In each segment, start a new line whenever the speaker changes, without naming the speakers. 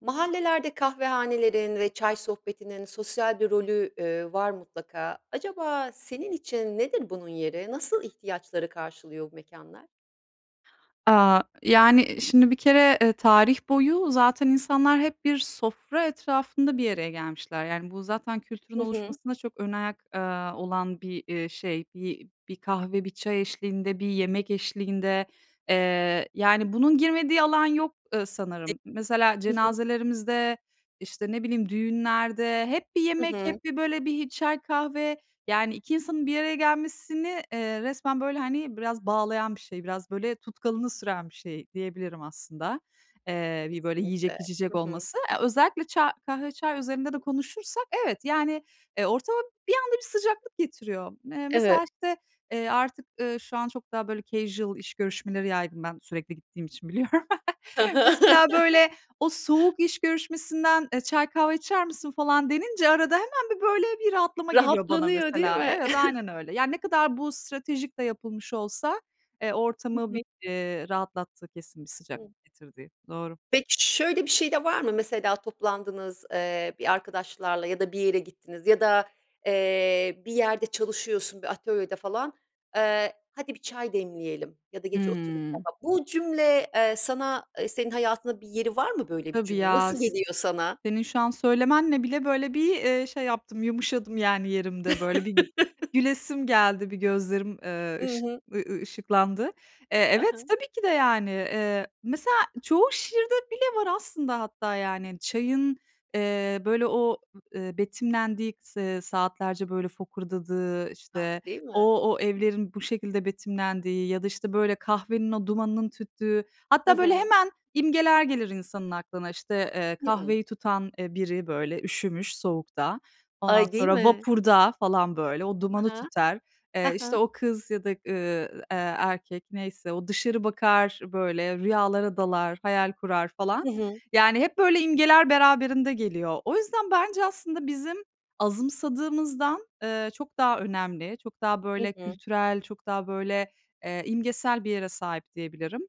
Mahallelerde kahvehanelerin ve çay sohbetinin sosyal bir rolü, eee, var mutlaka. Acaba senin için nedir bunun yeri? Nasıl ihtiyaçları karşılıyor bu mekânlar?
Aaa, yani, ııı, şimdi bir kere, eee, tarih boyu zaten insanlar hep bir sofra etrafında bir araya gelmişler. Yani, bu zaten kültürün
Hı hı.
oluşmasında çok önayak, eee, olan bir, eee, şey, bir bir kahve, bir çay eşliğinde, bir yemek eşliğinde. Eee, yani, bunun girmediği alan yok, ııı,
[unintelligible]
sanırım. Mesela
Hı hı.
cenazelerimizde, işte, ne bileyim düğünlerde hep bir
Hı
yemek,
hı.
hep bir böyle bir çay, kahve, yani, 2 insanın bir araya gelmesini, eee, resmen, böyle, hani, biraz bağlayan bir şey, biraz böyle tutkalını süren bir şey diyebilirim aslında. Eee, bir, böyle,
Kesinlikle.
yiyecek, içecek
Hı hı.
olması. Eee, özellikle ça kahve, çay üzerinde de konuşursak evet, yani, eee, ortama bir anda bir sıcaklık getiriyor. Me
Evet.
mesela işte, eee, artık, ııı, şu an çok daha, böyle, casual iş görüşmeleri yaydım ben sürekli gittiğim için biliyorum.
Hı hı.
Mesela, böyle, o soğuk iş görüşmesinden, eee, çay, kahve içer misin, falan, denince arada hemen bir böyle bir rahatlama geliyor bana,
Rahatlanıyor değil
mesela.
mi?
Evet, aynen öyle. Yani, ne kadar bu stratejik de yapılmış olsa, eee,
Hı
ortamı bir,
hı.
eee, rahatlattığı kesin, bir
Hı.
sıcaklık getirdiği. Doğru.
Peki, şöyle bir şey de var mı? Mesela toplandınız, eee, bir arkadaşlarla ya da bir yere gittiniz ya da, eee, bir yerde çalışıyorsun, bir atölyede falan. Eee, hadi bir çay demleyelim ya da gece oturup
Hıı.
[unintelligible] Bu cümle, eee, sana, eee, senin hayatında bir yeri var mı böyle bir
Tabii
cümlenin?
ya,
Nasıl
s
geliyor sana?
senin şu an söylemenle bile, böyle, bir, eee, şey yaptım, yumuşadım, yani, yerimde, böyle, bir gülesim geldi, bir gözlerim, eee,
Hı
ışık
hı.
ııı, ııı, ışıklandı. Eee,
Ha
evet,
ha.
tabii ki de, yani, eee mesela çoğu şiirde bile var aslında hatta, yani, çayın, eee, böyle, o, ııı, betimlendiği, s eee, saatlerce böyle fokurdadığı,
A,
işte,
değil mi?
o o evlerin bu şekilde betimlendiği ya da, işte, böyle, kahvenin o dumanının tüttüğü
Hı
hatta böyle
hı.
hemen imgeler gelir insanın aklına. İşte, eee,
Hı hı.
kahveyi tutan, eee, biri böyle üşümüş soğukta, ondan
Ay, değil
sonra
mi?
vapurda falan, böyle, o dumanı
Hı hı.
tüter,
Hı
eee, işte,
hı.
o kız ya da, ııı, eee, erkek neyse, o dışarı bakar, böyle, rüyalara dalar, hayal kurar falan.
Hı hı.
Yani, hep böyle imgeler beraberinde geliyor. O yüzden bence aslında bizim azımsadığımızdan, eee, çok daha önemli. Çok daha,
Hı
böyle,
hı.
kültürel, çok daha, böyle, eee, imgesel bir yere sahip diyebilirim.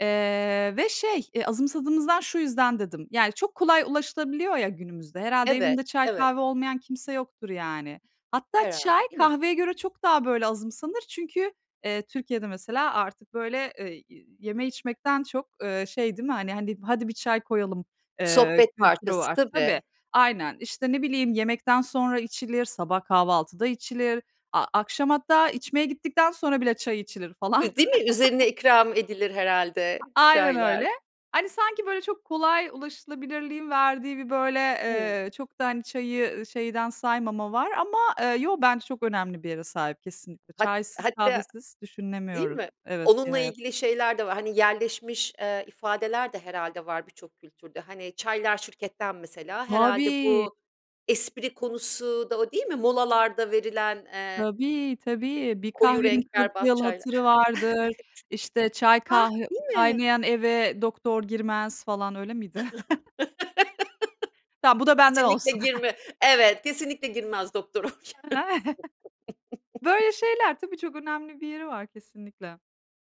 Eee, ve şey, eee, azımsadığımızdan şu yüzden dedim, yani, çok kolay ulaşılabiliyor ya günümüzde, herhâlde
Evet,
evinde çay,
evet.
kahve olmayan kimse yoktur yani. Hatta çay,
Herhâlde, değil mi?
kahveye göre çok daha böyle azımsanır. Çünkü, eee, Türkiye'de mesela artık, böyle, ııı, y yeme, içmekten çok, ııı, şey değil mi, hani hani, hadi bir çay koyalım, eee,
Sohbet
kültürü
parçası,
var. Tabii,
tabii.
aynen. İşte, ne bileyim, yemekten sonra içilir, sabah kahvaltıda içilir, a akşam hatta içmeye gittikten sonra bile çay içilir falan.
I değil mi? Üzerine ikram edilir herhâlde
Aynen öyle.
çaylar.
Hani, sanki, böyle, çok kolay ulaşılabilirliğin verdiği bir, böyle,
Hı.
eee, çok da, hani, çayı, ııı, şeyden saymama var ama, eee, yo bence çok önemli bir yere sahip kesinlikle.
Hat
Çaysız,
hatta,
kahvesiz
değil
düşünemiyoruz
mi?
evet, bir
Onunla
hayat.
ilgili şeyler de var, hani, yerleşmiş, eee, ifadeler de herhâlde var birçok kültürde. Hani, "çaylar şirketten" mesela herhâlde
Tabii.
bu espri konusu da o değil mi, molalarda verilen, eee
Tabii, tabii, bir
koyu
kahvenin
renk
kırk
berbat
yıl
çaylar.
hatırı vardır, işte çay,
Hah,
kah
değil mi?
kaynayan eve doktor girmez, falan, öyle miydi? Tamam, bu da benden
Kesinlikle
olsun.
girme. Evet, kesinlikle girmez doktor oraya.
[unintelligible] Böyle şeyler, tabii çok önemli bir yeri var, kesinlikle.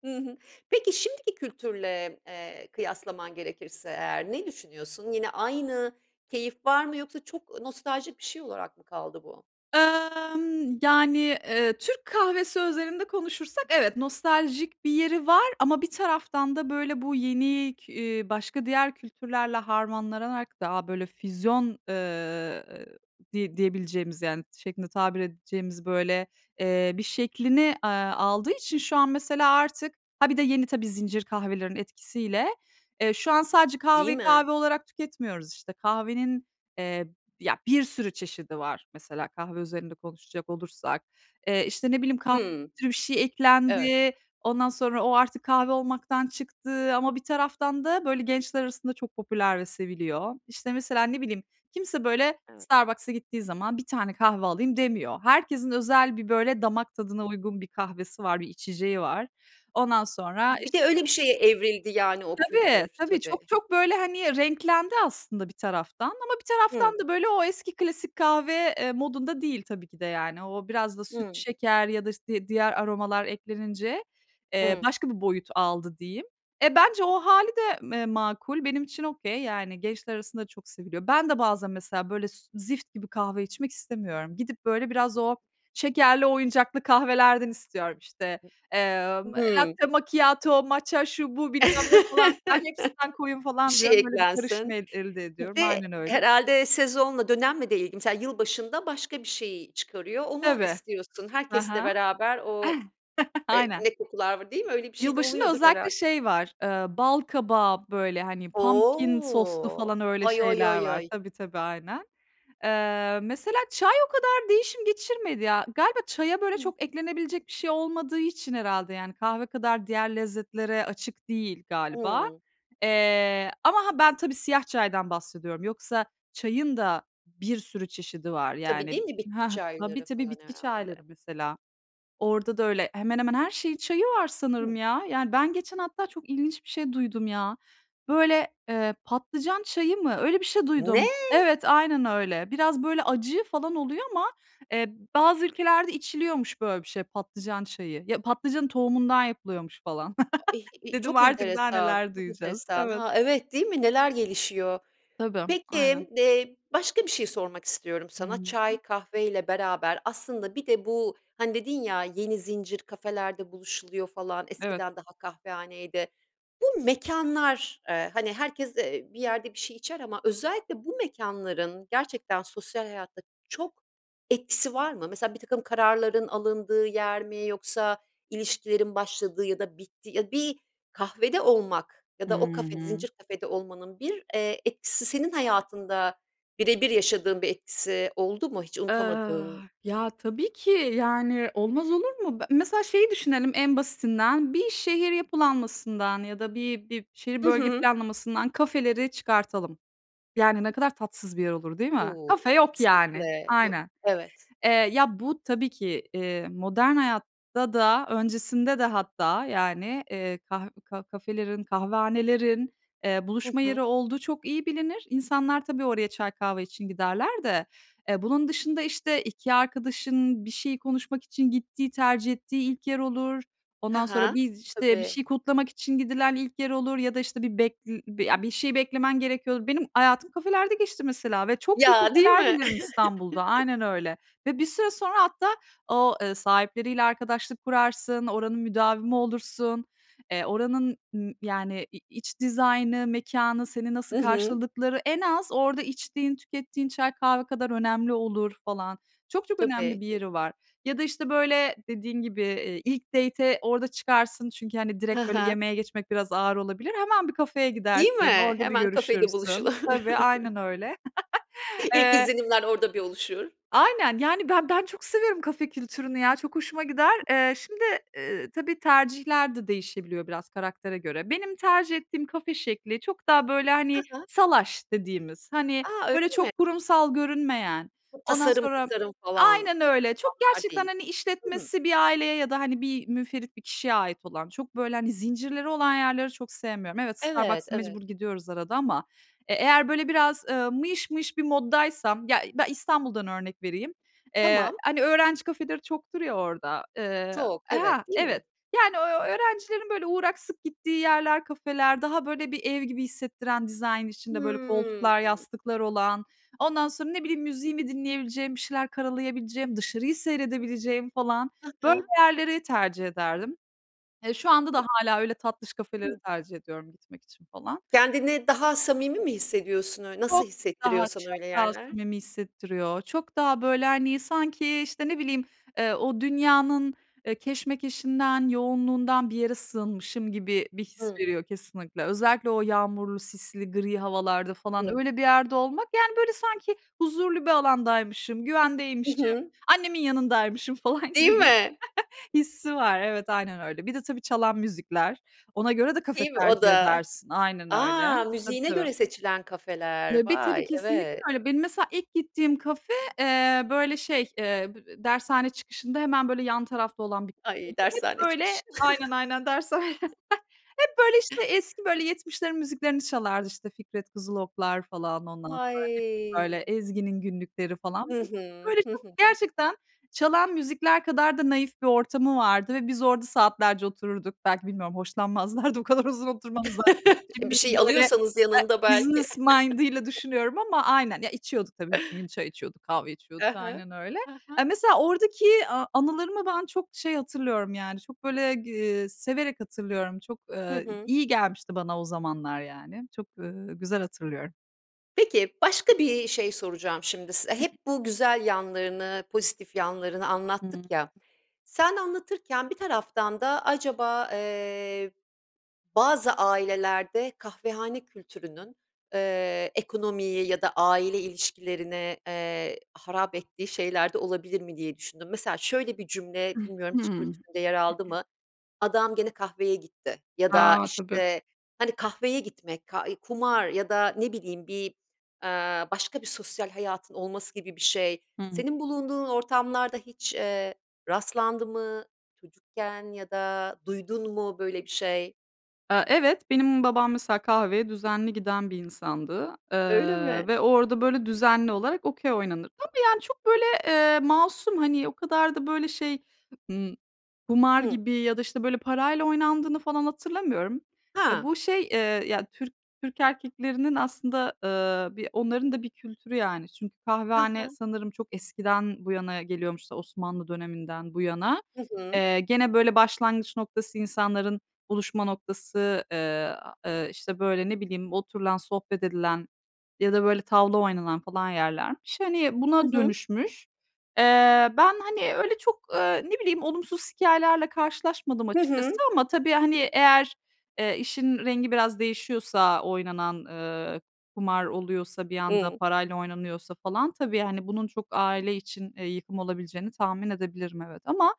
Hı hı. Peki şimdiki kültürle, eee, kıyaslaman gerekirse eğer ne düşünüyorsun? Yine aynı keyif var mı yoksa çok, ııı, nostaljik bir şey olarak mı kaldı bu?
Imm, yani, eee, Türk kahvesi özelinde konuşursak, evet nostaljik bir yeri var ama bir taraftan da böyle bu yeni, k ııı, başka diğer kültürlerle harmanlanarak daha böyle füzyon, ııı, diye diyebileceğimiz, yani, şeklinde tabir edeceğimiz, böyle, eee, bir şeklini, eee, aldığı için şu an mesela artık, ha, bir de yeni tabii zincir kahvelerinin etkisiyle, eee, şu an sadece
Değil
kahveyi
mi?
kahve olarak tüketmiyoruz. İşte, kahvenin, eee, ya, bir sürü çeşidi var mesela, kahve özelinde konuşacak olursak. Eee, işte, ne bileyim, [unintelligible]
Hı.
bir şey
Evet.
eklendi, ondan sonra o artık kahve olmaktan çıktı ama bir taraftan da, böyle, gençler arasında çok popüler ve seviliyor. İşte, mesela ne bileyim, kimse böyle
Evet.
Starbucks'a gittiği zaman 1 tane kahve alayım demiyor. Herkesin özel bir, böyle, damak tadına uygun bir kahvesi var, bir içeceği var. Ondan
Ha,
sonra
bir
işte
de öyle bir şeye evrildi yani o
Tabii,
kültür,
tabii çok
tabii.
çok böyle, hani, renklendi aslında bir taraftan ama bir
Hı.
taraftan da böyle o eski klasik kahve, eee, modunda değil tabii ki de, yani. O biraz da süt,
Hı.
şeker ya da işte di diğer aromalar eklenince, eee,
Hı.
başka bir boyut aldı diyeyim. Eee, bence o hâli de me makul. Benim için okay, yani, gençler arasında çok seviliyor. Ben de bazen mesela böyle s zift gibi kahve içmek istemiyorum. Gidip böyle biraz o şekerli, oyuncaklı kahvelerden istiyorum. İşte,
[unintelligible]
emm,
Hı.
latte macchiato, matcha şu, bu, bilmem ne, falan, filan hepsinden koyun
Bir
falan
şey
diyorum. Böyle bir karışım
eklensin.
eld elde
Bir
ediyorum,
de
aynen öyle.
herhâlde sezonla, dönemle de ilgili. Mesela yılbaşında başka bir şeyi çıkarıyor. Onu
Tabii.
istiyorsun
Hı
herkesle
hı.
beraber o, eee,
Aynen.
ne kokular var değil mi? Öyle bir şeyde
Yılbaşında
oluyordur
özellikle
herhâlde.
şey var, ııı, bal kabağı, böyle, hani, pumpkin soslu,
O.
falan, öyle
Oy oy
şeyler
oy
var.
oy.
Tabii, tabii aynen. Eee, mesela çay o kadar değişim geçirmedi ya, galiba çaya böyle
Hı.
çok eklenebilecek bir şey olmadığı için herhâlde, yani, kahve kadar diğer lezzetlere açık değil galiba.
Hıı.
Eee, ama ha ben tabii siyah çaydan bahsediyorum, yoksa çayın da bir sürü çeşidi var.
Tabii,
Yani,
değil mi bitki
hah, tabii,
çayları
tabii
falan
bitki
herhâlde?
çayları mesela. Orada da öyle, hemen hemen her şeyin çayı var sanırım
Hı.
ya. Yani, ben geçen hatta çok ilginç bir şey duydum, ya. Böyle, eee, patlıcan çayı mı? Öyle bir şey duydum.
Ne!
Evet, aynen öyle. Biraz böyle acı falan oluyor ama, eee, bazı ülkelerde içiliyormuş böyle bir şey, patlıcan çayı. Ya patlıcanın tohumundan yapılıyormuş falan.
A ih i
Dedim
Çok
artık daha
enteresan,
neler
çok
duyacağız.
enteresan.
Evet.
Ha, evet, değil mi? Neler gelişiyor?
Tabii, aynen.
Peki, eee, başka bir şey sormak istiyorum
Hı
sana
hı.
çay,
Hı.
kahveyle beraber aslında bir de bu, hani, dedin ya, "yeni zincir kafelerde buluşuluyor" falan,
Evet.
eskiden daha kahvehaneydi. Bu mekânlar, eee, hani, herkes, eee, bir yerde bir şey içer ama özellikle bu mekânların gerçekten sosyal hayatta çok etkisi var mı? Mesela birtakım kararların alındığı yer mi yoksa ilişkilerin başladığı ya da bittiği, ya, bir kahvede olmak ya
Hı
da o kafede,
hı.
zincir kafede olmanın bir, eee, etkisi, senin hayatında birebir yaşadığın bir etkisi oldu mu hiç
Iıı,
unutamadığın?
ya, tabii ki, yani, olmaz olur mu? Be mesela şeyi düşünelim en basitinden, bir şehir yapılanmasından ya da bir bir şehir
Hı
bölge
hı.
planlamasından kafeleri çıkartalım. Yani, ne kadar tatsız bir yer olur değil mi? Kafe
Uuu,
yok, yani,
kesinlikle, yo,
aynen.
evet.
Eee, ya, bu tabii ki, eee, modern hayatta da, öncesinde de hatta, yani, eee, kah ka kafelerin, kahvehanelerin, eee,
Hı
buluşma
hı.
yeri olduğu çok iyi bilinir. İnsanlar tabii oraya çay, kahve için giderler de. Eee, bunun dışında, işte, 2 arkadaşın bir şeyi konuşmak için gittiği, tercih ettiği ilk yer olur,
Ha
ondan sonra,
ha.
bir, işte, bir
Tabii.
şey kutlamak için gidilen ilk yer olur ya da işte bir bek eee, ya bir şey beklemen gerekiyordur. Benim hayatım kafelerde geçti mesela ve çok iyi
Ya, değil
kafeler
mi?
bilirim İstanbul'da, aynen öyle. Ve bir süre sonra hatta o, ııı, sahipleriyle arkadaşlık kurarsın, oranın müdavimi olursun, eee, oranın, ııı, yani, i iç dizaynı, mekânı, seni nasıl
Hı hı.
karşıladıkları, en az orada içtiğin, tükettiğin çay, kahve kadar önemli olur, falan. Çok çok önemli
Tabii.
bir yeri
[unintelligible]
var. Ya da, işte, böyle, dediğin gibi, eee, ilk date'e orada çıkarsın çünkü, hani,
Ha
direkt böyle
ha.
yemeğe geçmek biraz ağır olabilir, hemen bir kafeye
Değil
gidersin,
mi?
orada bir
Hemen kafede
görüşürsün.
buluşulur.
Tabii, aynen öyle.
İlk
Eee
izlenimler orada bir oluşur.
Aynen, yani, ben ben çok seviyorum kafe kültürünü, ya, çok hoşuma gider. Eee, şimdi, ııı, tabii tercihler de değişebiliyor biraz karaktere göre. Benim tercih ettiğim kafe şekli, çok daha böyle,
Hı
hani,
hı.
salaş dediğimiz, hani,
A! Öyle
böyle,
mi?
çok kurumsal görünmeyen,
O
ondan
tasarım,
sonra,
tasarım, falan
aynen öyle, çok
[unintelligible]
gerçekten,
değil.
hani,
Hı.
işletmesi bir aileye ya da, hani, bir münferit bir kişiye ait olan, çok böyle, hani, zincirleri olan yerleri çok sevmiyorum. Evet,
Evet,
Starbucks'a
evet.
mecbur gidiyoruz arada ama, eee, eğer böyle biraz mıyış mıyış bir mod'daysam, ya, ben İstanbul'dan örnek vereyim, eee,
Tamam.
hani, öğrenci kafeleri çoktur ya orada, ııı,
Çok, evet,
ha,
değil
evet.
mi?
Yani, ö öğrencilerin böyle uğrak, sık gittiği yerler, kafeler, daha böyle bir ev gibi hissettiren, dizayn içinde böyle
Hı.
koltuklar, yastıklar olan, ondan sonra, ne bileyim müziğimi dinleyebileceğim, bir şeyler karalayabileceğim, dışarıyı
Hı.
seyredebileceğim, falan,
Hı
böyle
hı.
yerleri tercih ederdim. Eee, şu anda
Hı.
da hâlâ öyle tatlış kafeleri
Hı.
tercih ediyorum gitmek için falan.
Kendini daha samimi mi hissediyorsun öy nasıl
Çok
hissettiriyor
daha,
sana
çok
öyle
daha
yerler?
samimi hissettiriyor, çok daha böyle, hani, sanki, işte, ne bileyim, eee, o dünyanın, eee, keşmekeşinden, yoğunluğundan bir yere sığınmışım gibi bir his
Hı.
veriyor, kesinlikle. Özellikle o yağmurlu, sisli, gri havalarda falan
Hı.
öyle bir yerde olmak, yani, böyle, sanki huzurlu bir alandaymışım,
Hı
güvendeymişim,
hı.
annemin yanındaymışım falan
Değil
gibi bir his
mi?
hissi var. Evet, aynen öyle. Bir de tabii çalan müzikler. Ona göre de kafe
Değil mi o
tercih
da?
edersin. Aynen öyle.
A,
Tabii,
müziğine
tabii.
göre seçilen kafeler,
Tabii, tabii
vay
kesinlikle
evet.
öyle. Benim mesela ilk gittiğim kafe, eee, böyle şey, eee, b eee, dershane çıkışında hemen, böyle, yan tarafta olan bir
Ay,
[unintelligible] Hep
dershane çıkışı.
böyle, aynen, aynen dershane. Hep, böyle, işte, eski böyle, 70'lerin müziklerini çalardı. İşte, Fikret Kızıloklar, falan, ondan sonra hep, böyle,
Ay.
Ezgi'nin Günlükleri falan.
Hı
[unintelligible]
hı.
Böyle
Hı
çok
hı.
gerçekten çalan müzikler kadar da naif bir ortamı vardı ve biz orada saatlerce otururduk. Belki bilmiyorum hoşlanmazlardı, o kadar uzun oturmamızdan.
Eee, bir
Şimdi ben
şey
böyle, eee,
alıyorsanız yanında belki.
business mind'ıyla düşünüyorum ama aynen. Ya, içiyorduk tabii, bütün gün çay içiyorduk, kahve içiyorduk,
Hı hı.
aynen öyle.
Hı hı.
Eee, mesela oradaki a anılarımı ben çok şey hatırlıyorum yani çok, böyle, g eee severek hatırlıyorum. Çok,
Hı
eee,
hı.
iyi gelmişti bana o zamanlar yani. Çok, ııı, güzel hatırlıyorum.
Peki, başka bir şey soracağım şimdi size. Hep bu güzel yanlarını pozitif yanlarını
Hıı.
anlattık ya. Sen anlatırken bir taraftan da acaba, eee, bazı ailelerde kahvehane kültürünün, eee, ekonomiyi ya da aile ilişkilerini, eee, harap ettiği şeyler de olabilir mi diye düşündüm. Mesela şöyle bir cümle bilmiyorum hiç
Hıı.
kültüründe yer aldı mı: "Adam gene kahveye gitti." ya da
A! Tabii.
işte, hani, kahveye gitmek ka eee, kumar ya da ne bileyim bir, eee, başka bir sosyal hayatın olması gibi bir şey.
Hıı.
Senin bulunduğun ortamlarda hiç, eee, rastlandı mı çocukken ya da duydun mu böyle bir şey?
Eee, evet, benim babam mesela kahveye düzenli giden bir insandı.
Öyle
Eee,
mi?
ve orada böyle düzenli olarak Okey oynanır. Tabii, yani, çok böyle, ııı, masum, hani, o kadar da böyle şey, ımm, kumar
Hıı.
gibi ya da işte, böyle, parayla oynandığını falan hatırlamıyorum. Eee,
He.
bu şey, eee, ya, Türk Türk erkeklerinin aslında, ııı, bir onların da bir kültürü, yani. Çünkü
He
kahvehane
he.
sanırım çok eskiden bu yana geliyormuş Osmanlı döneminden bu yana.
Hı hı.
Eee, gene böyle başlangıç noktası, insanların buluşma noktası, eee, eee, işte, böyle, ne bileyim, oturulan, sohbet edilen ya da böyle, tavla oynanan falan yerlermiş. Hani,
Hı
buna
hı.
dönüşmüş. Eee, ben, hani, öyle çok, eee, ne bileyim, olumsuz hikâyelerle karşılaşmadım
Hı
açıkçası.
hı.
Ama tabii, hani, eğer, eee, işin rengi biraz değişiyorsa, oynanan, eee, kumar oluyorsa bir anda
Hıı.
parayla oynanıyorsa falan tabii, hani, bunun çok aile için, eee, yıkım olabileceğini tahmin edebilirim, evet. Ama,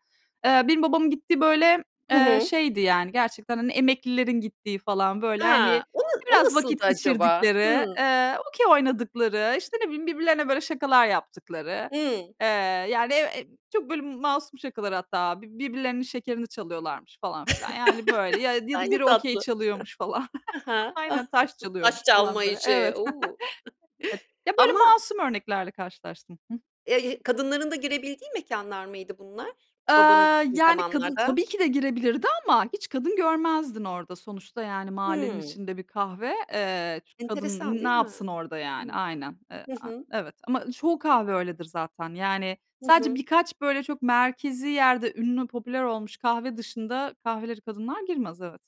eee, benim babamın gittiği böyle,
Hı
eee,
hı.
şeydi, yani, gerçekten, hani, emeklilerin gittiği falan böyle, hani,
Ha, o na o
biraz
nasıldı
vakit
acaba?
geçirdikleri,
Hımm.
eee, Okey oynadıkları, işte, ne bileyim, birbirlerine böyle, şakalar yaptıkları,
Hımm.
eee, yani, ev Eee, çok masum şakalar hatta, birbirlerinin şekerini çalıyorlarmış falan filan. Yani böyle ya ya
Ay,
da
ne
biri okey
tatlı.
çalıyormuş falan.
He he.
Aynen, taş çalıyormuş
Taş çalma
falan böyle,
işi.
evet.
U!
Evet, ya, böyle
Ama
masum örneklerle karşılaştım. Hıh
Eee, kadınların da girebildiği mekânlar mıydı bunlar
Eee,
babanın gittiği
yani, kadın
zamanlarda?
tabii ki de girebilirdi ama, hiç kadın görmezdin orada. Sonuçta, yani, mahallenin
Hımm.
içinde bir kahve, eee, kadın
Enteresan,
n ne
değil mi?
yapsın orada, yani,
Hıı.
aynen, eee,
Hı
a
hı.
evet. Ama çoğu kahve öyledir zaten. Yani,
Hı
sadece
hı.
birkaç, böyle, çok merkezi yerde, ünlü, popüler olmuş kahve dışında kahvelere kadınlar girmez, evet.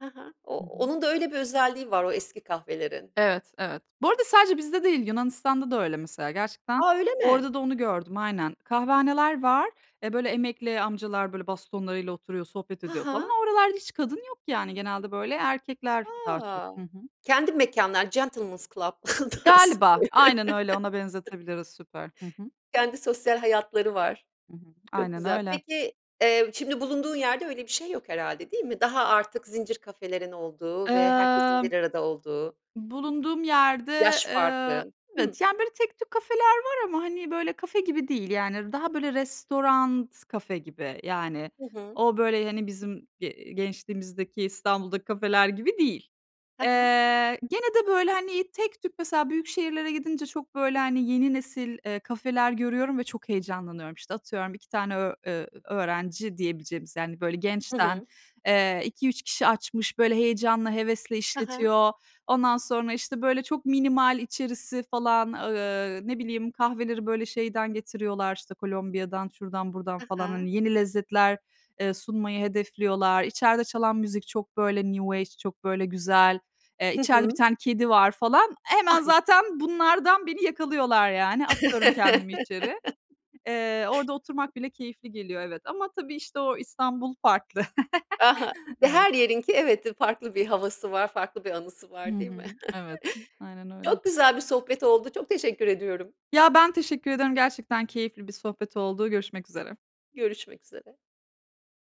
He he. O
Hı hı.
onun da öyle bir özelliği var o eski kahvelerin.
Evet, evet. Bu arada sadece bizde değil, Yunanistan'da da öyle mesela, gerçekten
A, öyle mi!
orada da onu gördüm, aynen. Kahvehaneler var, eee, böyle emekli amcalar böyle, bastonlarıyla oturuyor, sohbet
Ha
ediyor falan.
ha.
O oralarda hiç kadın yok, yani, genelde böyle erkekler daha çok.
Ha!
Hı hı.
Kendi mekânlar gentleman's club tarzı.
Galiba, aynen öyle, ona benzetebiliriz, süper. Hı hı.
Kendi sosyal hayatları var.
Hı hı.
Çok
Aynen
güzel.
öyle.
Peki, eee, şimdi bulunduğun yerde öyle bir şey yok herhâlde, değil mi? Daha, artık, zincir kafelerin olduğu ve herkesin
Imm.
bir arada olduğu.
Bulunduğum yerde,
Yaş farkı.
eee,
Hıı.
evet, yani, böyle tek tük kafeler var. Ama, hani, böyle, kafe gibi değil, yani daha böyle, restoran kafe gibi. Yani,
Hı hı.
o böyle, hani, bizim, eee, gençliğimizdeki, İstanbul'daki kafeler gibi değil.
He
Eee,
he.
gene de böyle, hani, tek tük mesela büyük şehirlere gidince çok böyle, hani, yeni nesil, eee, kafeler görüyorum ve çok heyecanlanıyorum. İşte, atıyorum, 2 tane ö eee, öğrenci diyebileceğimiz, yani, böyle
Hı
gençten,
hı.
eee 2-3 kişi açmış, böyle, heyecanla, hevesle
He he.
işletiyor. Ondan sonra işte böyle çok minimal içerisi falan, ııı, ne bileyim, kahveleri böyle, şeyden getiriyorlar, işte, Kolombiya'dan, şuradan buradan
He
falan.
he.
Hani, yeni lezzetler, eee, sunmayı hedefliyorlar. İçeride çalan müzik çok böyle New Age çok böyle güzel. Eee,
Hı
içeride 1
hı.
tane kedi var falan. Hemen
Ay.
zaten bunlardan beni yakalıyorlar yani. Atıyorum kendimi içeri. Eee, orada oturmak bile keyifli geliyor, evet. Ama tabii işte, o İstanbul farklı.
Aha,
Evet.
her yerinki evet, farklı bir havası var, farklı bir anısı
Hı
var, değil mi?
hı. Evet, aynen öyle.
Çok güzel bir sohbet oldu. Çok teşekkür ediyorum.
Ya, ben teşekkür ediyorum. Gerçekten keyifli bir sohbet oldu. Görüşmek üzere.
Görüşmek üzere.